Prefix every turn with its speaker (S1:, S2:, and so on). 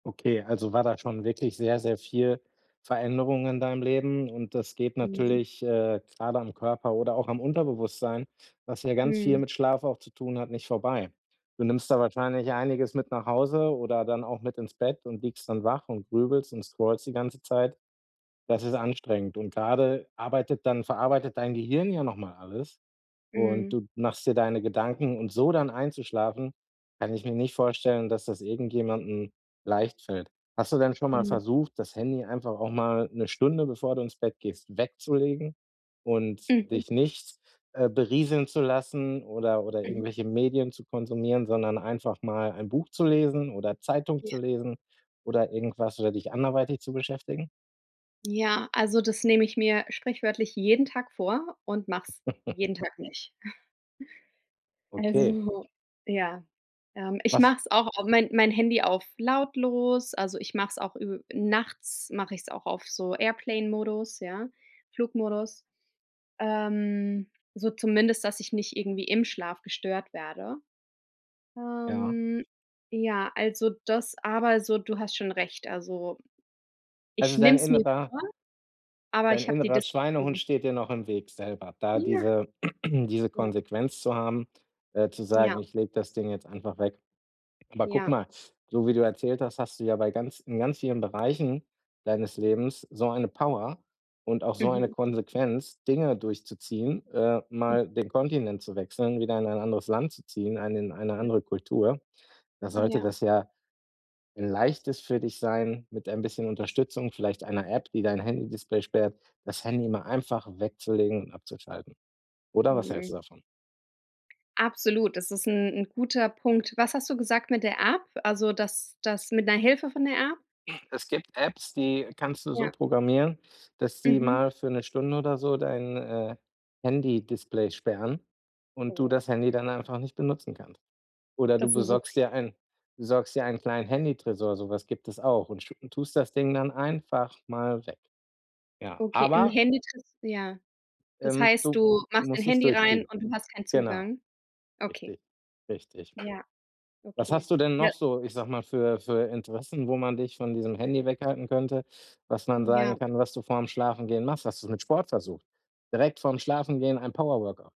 S1: Okay, also war da schon wirklich sehr, sehr viel Veränderung in deinem Leben, und das geht
S2: Mhm.
S1: natürlich, äh, grade am Körper oder auch am Unterbewusstsein- was ja ganz viel
S2: Mhm.
S1: mit Schlaf auch zu tun hat- nicht vorbei. Du nimmst da wahrscheinlich einiges mit nach Hause oder dann auch mit ins Bett und liegst dann wach und grübelst und scrollst die ganze Zeit. Das ist anstrengend und grade arbeitet dann verarbeitet dein Gehirn ja noch mal alles, und
S2: Mhm.
S1: du machst dir deine Gedanken und so dann einzuschlafen, kann ich mir nicht vorstellen, dass das irgendjemandem leicht fällt. Hast du denn schon mal
S2: Mhm.
S1: versucht, das Handy einfach auch mal 'ne Stunde, bevor du ins Bett gehst, wegzulegen und
S2: Mhm.
S1: dich nicht, äh, berieseln zu lassen oder oder
S2: Mhm.
S1: irgendwelche Medien zu konsumieren, sondern einfach mal ein Buch zu lesen oder Zeitung
S2: Ja.
S1: zu lesen oder irgendwas oder dich anderweitig zu beschäftigen?
S2: Ja, also das nehme ich mir sprichwörtlich jeden Tag vor und mache es jeden Tag nicht.
S1: Okay.
S2: Also, ja, ähm, ich
S1: Was
S2: mache es auch au mein mein Handy auf lautlos, also ich mache es auch ü nachts mach ich's auch auf so Airplane Modus, ja, Flugmodus, ähm, so zumindest, dass ich nicht irgendwie im Schlaf gestört werde.
S1: Ja.
S2: Ähm, ja, also das aber so, du hast schon recht, also, ich
S1: Also,
S2: nehme
S1: dein
S2: es mir
S1: innerer
S2: vor, aber
S1: dein
S2: ich habe die
S1: innerer
S2: Disziplin
S1: Schweinehund
S2: nicht.
S1: steht dir noch im Weg selber, da
S2: Ja.
S1: diese, diese
S2: Ja.
S1: Konsequenz zu haben, äh, zu sagen:
S2: Ja.
S1: „Ich lege das Ding jetzt einfach weg.“ Aber guck
S2: Ja.
S1: mal, du wie du erzählt hast, hast du ja bei ganz in ganz vielen Bereichen deines Lebens so eine Power und auch so eine
S2: Mhm.
S1: Konsequenz, Dinge durchzuziehen, äh,
S2: [unintelligible]
S1: mal den Kontinent zu wechseln, wieder in ein anderes Land zu ziehen, eine in eine
S2: Hm.
S1: andere Kultur. Da sollte
S2: Ja.
S1: das ja 'n Leichtes für dich sein, mit ein bisschen Unterstützung, vielleicht einer App, die dein Handydisplay sperrt, das Handy mal einfach wegzulegen und abzuschalten. Oder, was hältst
S2: Mhm.
S1: du davon?
S2: Absolut, das ist 'n 'n guter Punkt. Was hast du gesagt mit der App, also, das das mit 'ner Hilfe von der App?
S1: Es gibt Apps, die kannst du so
S2: Ja.
S1: programmieren, dass die
S2: Mhm.
S1: mal für 'ne Stunde oder so dein, äh, Handy-Display sperren und du
S2: Oh.
S1: das Handy dann einfach nicht benutzen kannst. Oder du
S2: Das ist 'ne super
S1: besorgst
S2: Idee.
S1: dir einen besorgst dir einen kleinen Handytresor, so was gibt es auch und schu tust das Ding dann einfach mal weg. Ja,
S2: Okay, 'n
S1: aber
S2: Handy-Tres ja. Das
S1: ähm,
S2: heißt,
S1: du
S2: du
S1: du
S2: machst dein
S1: musst es
S2: Handy rein
S1: durchziehen.
S2: und du hast keinen
S1: Genau.
S2: Zugang? Okay.
S1: Richtig, richtig.
S2: Ja.
S1: Was
S2: Okay.
S1: hast du denn noch
S2: Ja.
S1: so- ich sage mal- für für Interessen, wo man dich von diesem Handy weghalten könnte? Was man
S2: M Ja.
S1: sagen kann, was du vorm Schlafengehen machst? Hast du es mit Sport versucht? Direkt vorm Schlafengehen ein Power-Workou